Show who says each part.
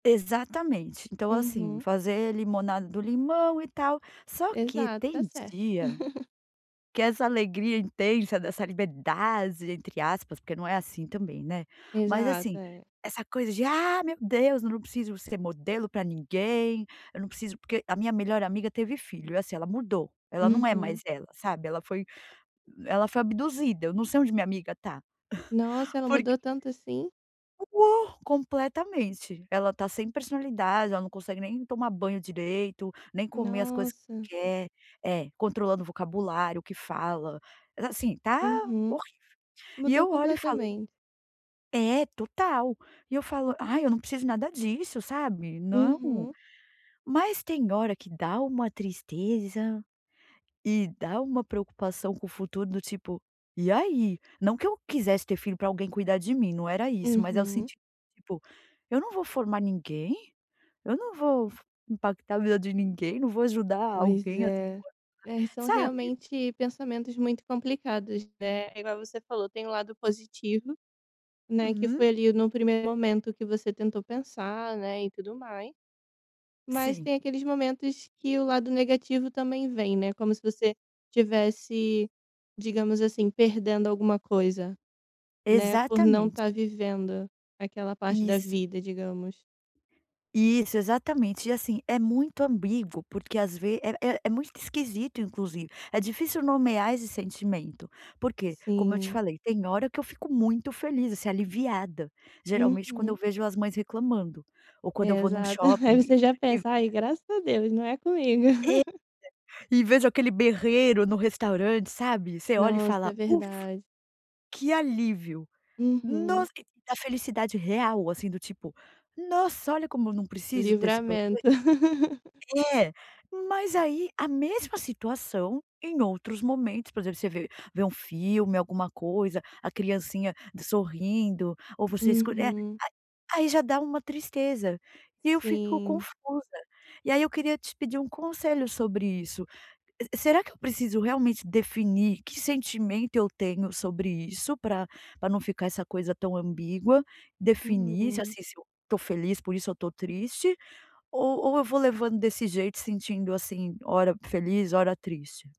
Speaker 1: Exatamente. Então assim,
Speaker 2: Uhum.
Speaker 1: fazer limonada do limão e tal. Só que
Speaker 2: Exato, tá
Speaker 1: tem
Speaker 2: certo.
Speaker 1: dia que essa alegria intensa, dessa "liberdade", entre aspas, porque não é assim também, né. Mas
Speaker 2: Exato,
Speaker 1: assim,
Speaker 2: é.
Speaker 1: essa coisa de “Ah, meu Deus, eu não preciso ser modelo pra ninguém, eu não preciso” porque a minha melhor amiga teve filho, é assim, ela mudou, ela não é mais
Speaker 2: Uhum.
Speaker 1: ela, sabe, ela foi ela foi abduzida, eu não sei onde minha amiga tá.
Speaker 2: Nossa, ela
Speaker 1: Porq,
Speaker 2: mudou tanto assim?
Speaker 1: [unintelligible] completamente. Ela tá sem personalidade, ela não consegue nem tomar banho direito, nem comer as coisas
Speaker 2: Nossa.
Speaker 1: quer. É, controlando o vocabulário, o que fala, assim, tá
Speaker 2: Uhum.
Speaker 1: horrível. E
Speaker 2: Mudou
Speaker 1: eu olho e falo
Speaker 2: completamen
Speaker 1: É, total. E eu falo: “Ai, eu não preciso nada disso, sabe. Não".
Speaker 2: Uhum.
Speaker 1: Mas tem hora que dá uma tristeza. E dá uma preocupação com o futuro, do tipo: “E aí?”. Não que eu quisesse ter filho pra alguém cuidar de mim, não era isso, mas o
Speaker 2: Uhum.
Speaker 1: senti tipo: “Eu não vou formar ninguém? Eu não vou f impactar a vida de ninguém? Não vou ajudar
Speaker 2: Pois
Speaker 1: alguém a se
Speaker 2: é. É, e
Speaker 1: formar?”,
Speaker 2: são
Speaker 1: sabe.
Speaker 2: realmente pensamentos muito complicados, né. É igual você falou, tem o lado positivo, né, que
Speaker 1: Uhum.
Speaker 2: foi ali, no primeiro momento que você tentou pensar, né, e tudo mais. Mas
Speaker 1: Sim.
Speaker 2: tem aqueles momentos que o lado negativo também vem, né, como se você tivesse, digamos assim, perdendo alguma coisa, né, por não
Speaker 1: Exatamente.
Speaker 2: tá vivendo aquela parte da
Speaker 1: Isso.
Speaker 2: vida, digamos.
Speaker 1: Isso, exatamente. E assim, é muito ambíguo, porque às ve é é é muito esquisito, inclusive. É difícil nomear esse sentimento, por quê? Como eu te
Speaker 2: Sim.
Speaker 1: falei, tem hora que eu fico muito feliz, assim, aliviada, geralmente quando eu
Speaker 2: Uhum.
Speaker 1: vejo as mães reclamando ou quando eu
Speaker 2: É,
Speaker 1: vou num
Speaker 2: exato.
Speaker 1: shopping
Speaker 2: Aí
Speaker 1: e
Speaker 2: você já
Speaker 1: e
Speaker 2: pensa: “Ai, graças a Deus, não é comigo.”
Speaker 1: É, e vejo aquele berreiro no restaurante, sabe. Você olha e
Speaker 2: Nossa,
Speaker 1: fala:
Speaker 2: é
Speaker 1: “Ufa,
Speaker 2: verdade.
Speaker 1: que alívio”.
Speaker 2: Uhum.
Speaker 1: Nossa, a felicidade real, assim, do tipo: “Nossa, olha como eu não preciso ter esse problema”.
Speaker 2: Livramento.
Speaker 1: É, mas aí a mesma situação, em outros momentos, por exemplo, você vê vê um filme, alguma coisa, a criancinha d sorrindo ou você escolhe eh,
Speaker 2: Uhum.
Speaker 1: a aí já dá uma tristeza, e eu fico
Speaker 2: Sim.
Speaker 1: confusa. E aí eu queria te pedir um conselho sobre isso, será que eu preciso realmente definir que sentimento eu tenho sobre isso pra pra não ficar essa coisa tão ambígua? Definir se,
Speaker 2: Uhum.
Speaker 1: assim, se eu tô feliz, por isso eu tô triste, o ou eu vou levando desse jeito, sentindo, assim, ora feliz, ora triste?